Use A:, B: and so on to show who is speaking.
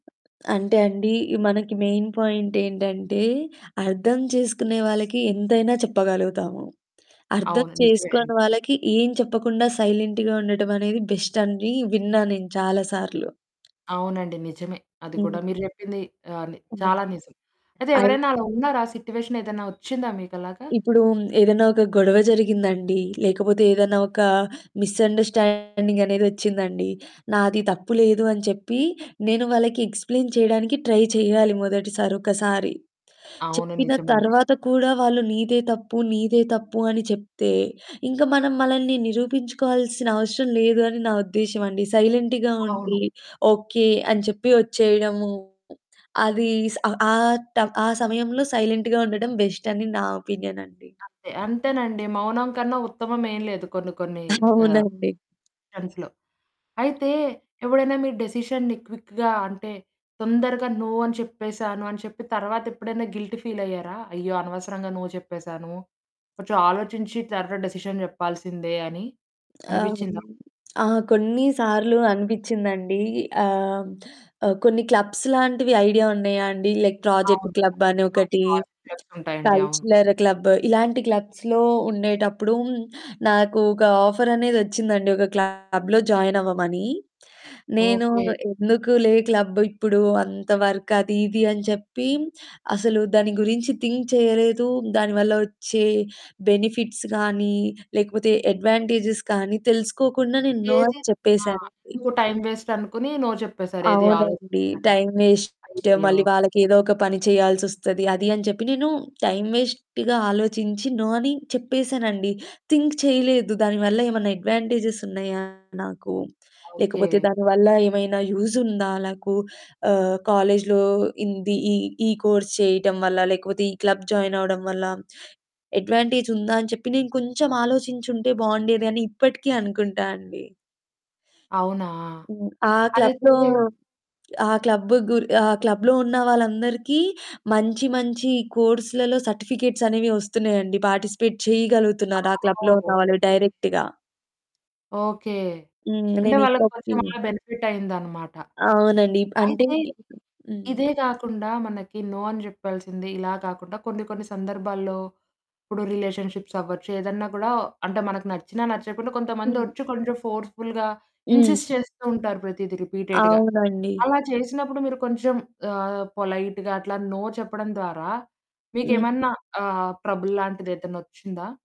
A: అంటే అండి మనకి మెయిన్ పాయింట్ ఏంటంటే, అర్థం చేసుకునే వాళ్ళకి ఎంతైనా చెప్పగలుగుతాము. అర్థం
B: అవును, నిజమే.
A: చేసుకోని వాళ్ళకి ఏం చెప్పకుండా సైలెంట్‌గా ఉండటం అనేది బెస్ట్ అని విన్నాను నేను చాలా సార్లు.
B: అవునండి. నిజమే, అది కూడా
A: హ్మ్.
B: మీరు చెప్పింది ఆహ్, ని
A: ఆ!
B: చాలా నిజం. అయితే
A: అది
B: ఎవరైనా అలా ఉన్నారా సిట్యుయేషన్ ఏదైనా వచ్చిందా మీకలాగా?
A: ఇప్పుడు ఏదైనా ఒక గొడవ జరిగిందండి, లేకపోతే ఏదన్నా ఒక మిస్‌అండర్స్టాండింగ్ అనేదొచ్చిందండి. నాది తప్పు లేదు అని చెప్పి నేను వాళ్ళకి ఎక్స్ప్లేన్ చేయడానికి ట్రై చేయాలి, మొదటిసారి ఒకసారి.
B: అవును,
A: చెప్పిన
B: నిజమండి.
A: తరువాత కూడా వాళ్ళు "నీదే తప్పు, నీదే తప్పు" అని చెప్తే ఇంకా మనం మనల్ని నిరూపించుకోవాల్సిన అవసరం లేదు అని నా ఉద్దేశ్యం అండి. సైలెంట్‌గా
B: అవును.
A: ఉండి, "ఓకె" అని చెప్పి వచ్చేయడము అది స్ ఆ త ఆ సమయంలో సైలెంట్‌గా ఉండడం బెస్ట్ అని నా ఒపీనియన్ అండి.
B: అంతే, అంతేనండి, మౌనం కన్నా ఉత్తమం ఏం లేదు కొన్ని కొన్ని ఆహ్,
A: అవునండి.
B: సెన్స్‌లో. అయితే ఎవడైనా మీ డిసిషన్‌ని క్విక్‌గా అంటే, తొందరగా నో అని చెప్పేసాను అని చెప్పి తరువాత ఎప్పుడైనా గిల్టీ ఫీల్ అయ్యారా? "అయ్యో! అనవసరంగా నో చెప్పేసాను, కొంచెం ఆలోచించి తరువాత డిసిషన్ చెప్పాల్సిందే" అని
A: ఆహ్,
B: అనిపించిందా?
A: ఆ! కొన్ని సార్లు అనిపించిందండి ఆహ్, ఆహ్, కొన్ని క్లబ్స్ లాంటివి ఐడియా ఉన్నాయా అండి? లైక్ ప్రాజెక్ట్
B: అవును.
A: క్లబ్ అని
B: ఆ
A: ఒకటి,
B: ప్రాజెక్ట్స్ ఉంటాయండి. అవును.
A: కల్చరల్ క్లబ్ ఇలాంటి క్లబ్స్‌లో ఉండేటప్పుడు, నాకు ఒక ఆఫర్ అనేది వచ్చిందండి. ఒక క్లబ్‌లో జాయిన్ అవ్వమని. నేను
B: ఓకె.
A: ఎందుకులే క్లబ్ ఇప్పుడు, అంత వర్క్ అది ఇది అని చెప్పి అసలు దాని గురించి థింక్ చేయలేదు, దాని వల్ల వచ్చే బెనిఫిట్స్ గాని, లేకపోతే అడ్వాంటేజెస్ కానీ తెలుసుకోకుండా నేను నో అని
B: ఏది? ఆ!
A: చెప్పేసానండి.
B: ఎందుకు టైమ్ వెస్ట్ అనుకుని నో చెప్పేసారు ఏది
A: అవునండి.
B: ఆలోచించకుండా.
A: టైమ్ వేస్ట్
B: అయ్యయ్యో!
A: మళ్ళీ వాళ్ళకేదో ఒక పని చేయాల్సొస్తది అది అని చెప్పి నేను టైమ్ వేస్ట్‌గా ఆలోచించి నో అని చెప్పేసానండి. థింక్ చేయలేదు. దానివల్ల ఏమన్నా అడ్వాంటేజెస్ ఉన్నాయా నాకు?
B: ఓకె.
A: లేకపోతే దానివల్ల ఏమైనా యూజ్ ఉందా నాకు? ఆహ్, కాలేజులో ఇంది ఈ ఈ కోర్స్ చేయటం వల్ల, లేకపోతే ఈ క్లబ్ జాయిన్ అవ్వడం వల్ల. అడ్వాంటేజ్ ఉందా అని చెప్పి నేను కొంచెం ఆలోచించి ఉంటే బావుండేది అని ఇప్పటికి అనుకుంటా అండి.
B: అవునా!
A: హ్మ్. ఆ క్లబ్‌లో,
B: అయితే
A: ఆ క్లబ్, గు ఆ క్లబ్‌లో ఉన్న వాళ్ళందరికీ మంచి మంచి కోర్స్‌లలో సర్టిఫికేట్స్ అనేవి వస్తున్నాయండి. పార్టిసిపేట్ చేయగలుగుతున్నారు, ఆ
B: ఆహా!
A: క్లబ్‌లో ఉన్న వాళ్ళు
B: ఓకె.
A: డైరెక్ట్‌గా.
B: ఓకె,
A: హ్మ్
B: అంటే వాళ్ళకి
A: నేనిప్పటికి
B: కొంచెం అలా బెనిఫిట్ అయిందన్నమాట.
A: అవునండి, ఇప్ అంటే
B: అయితే,
A: హ్మ్.
B: ఇదే కాకుండా మనకి నో అని చెప్పాల్సింది ఇలా కాకుండా కొన్ని కొన్ని సందర్భాల్లో ఇప్పుడు రిలేషన్షిప్స్ అవ్వచ్చు, ఏదన్నా కూడా అంటే మనకు నచ్చినా నచ్చకపోయిన కొంతమంది
A: హ్మ్.
B: వచ్చి కొంచెం ఫోర్స్ఫుల్‌గా
A: హ్మ్.
B: ఇన్సిస్ట్ చేస్తూ ఉంటారు. ప్రతీది రిపీటెడ్‌గా
A: అవునండి.
B: అలా చేసినప్పుడు మీరు కొంచెం ఆహ్, పొలైట్‌గా అట్లా నో చెప్పడం ద్వారా
A: హ్మ్.
B: మీకేమన్నా ఆహ్, ట్రబుల్ లాంటిదేదన్న వచ్చిందా?